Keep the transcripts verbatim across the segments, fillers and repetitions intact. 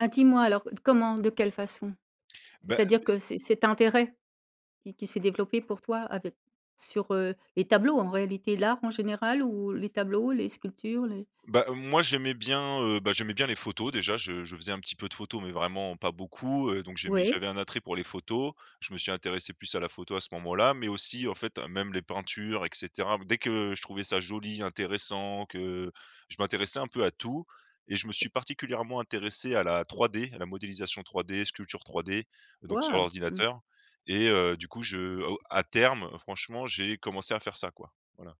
Ah, dis-moi alors, heu, d comment, de quelle façon? Bah, C'est-à-dire beh que c cet intérêt, qui qui s'est développé pour toi avec sur, heu, les tableaux en réalité, l'art en général ou les tableaux, les sculptures, les Bah, moi j'aimais bien, heu, bah, j'aimais bien les photos déjà, je je faisais un petit peu de photos mais vraiment pas beaucoup, heu, donc j'ai mis Oui. j'avais un attrait pour les photos, je me suis intéressé plus à la photo à ce moment-là, mais aussi, en fait, heu, même les peintures et cetera. Dès que je trouvais ça joli, intéressant, que je m'intéressais un peu à tout, et je me suis particulièrement intéressé à la 3D, à la modélisation 3D, sculpture 3D, donc sur Waouh! Mmh. l'ordinateur. Et, heu, du coup, je au à terme, franchement, j'ai commencé à faire ça quoi, voilà.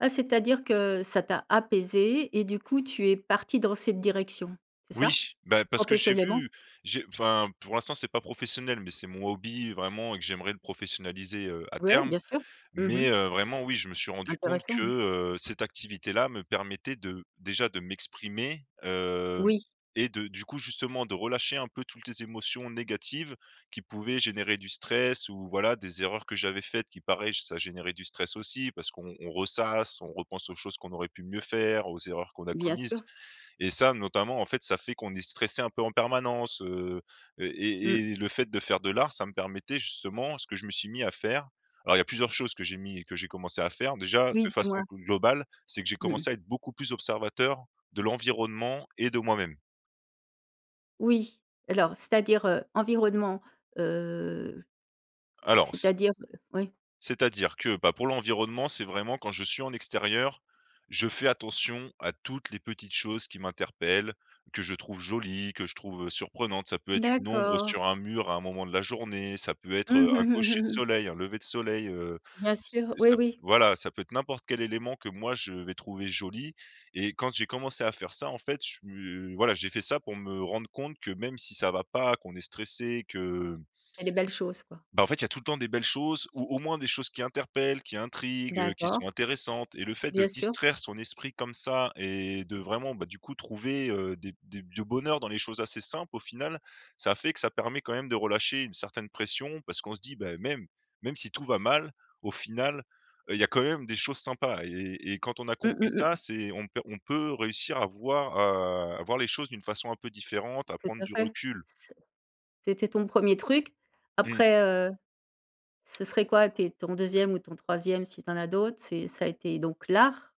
Ah, c'est-à-dire que, ça t'a apaisé et du coup tu es parti dans cette direction, c'est ça? Oui, bah, parce que j'ai vu, Professionnellement? j'ai enfin, pour l'instant c'est pas professionnel, mais c'est mon hobby vraiment et que j'aimerais le professionnaliser, heu, à Ouais, terme. bien sûr. Mmh Mais, mh. heu, vraiment oui, je me suis rendu compte Intéressant, que, mmh. heu, cette activité-là me permettait de déjà de m'exprimer, hem, Oui. et de du coup, justement, de relâcher un peu toultes les émotions négatives qui pouvaient générer du stress ou voilà, des erreurs, que j'avais faites qui, pareil, j ça générait du stress aussi. Parce qu'on on ressasse, on repense aux choses qu'on aurait pu mieux faire, aux erreurs qu'on a Bien commises. sûr. Et ça, notamment, en fait, ça fait qu'on est stressé, un peu, en permanence, heu, et Mmh. et et le fait de faire de l'art ça me permettait, justement ce que je me suis mis à faire. Alors, il y a plusieurs choses que j'ai mis que j'ai commencé à faire. Déjà, Oui, de façon dis-moi. plus globale, c'est que j'ai Mmh mh. commencé à être beaucoup plus observateur de l'environnement et de moi-même. Oui. Alors, c'est-à-dire, heu, environnement, heu, Alors c c'est-à-dire, heu oui. C'est-à-dire que, bah, pour l'environnement, c'est vraiment quand je suis en extérieur, je fais attention à toutes les petites choses qui m'interpellent, que je trouve jolies, que je trouve, heu, surprenantes. Ça peut être une ombre D'accord. sur un mur, à un moment de la journée, ça peut être, Mmh, heu, mmh un mh, cocher de mmh mh. soleil, un lever de soleil, heu, Bien ça sûr, et oui, ça pe oui. voilà, ça peut être n'importe quel élément que moi je vais trouver joli. Et quand j'ai commencé à faire ça, en fait, je su heu, voilà j'ai fait ça pour me rendre compte que, même si ça va pas, qu'on est stressé, que Il y a des belles choses quoi. bah, en fait, il y a tout le temps des belles choses ou, au moins, des choses qui interpellent, qui intriguent, heu, qui D'accord. sont intéressantes. Et le fait de Bien sûr. distraire son esprit comme ça, et de, vraiment, bah, du coup, trouver, heu, des des du bonheur dans les choses assez simples, au final, ça fait que ça permet, quand même, de relâcher une certaine pression parce qu'on se dit: «Bah, même même si tout va mal, au final, heu, il y a quand même des choses sympas». Et et et quand on a Mmh, compris mmh, ça, mmh. c'est on p on peut réussir à voi heu, à voir les choses d'une façon un peu différente, à Tout prendre à du fait. recul. C c c'était ton premier truc? Mmh. Après, heu, ce serait quoi tes ton deuxième ou ton troisième, si tu en as d'autres, c'est ça a été donc l'art?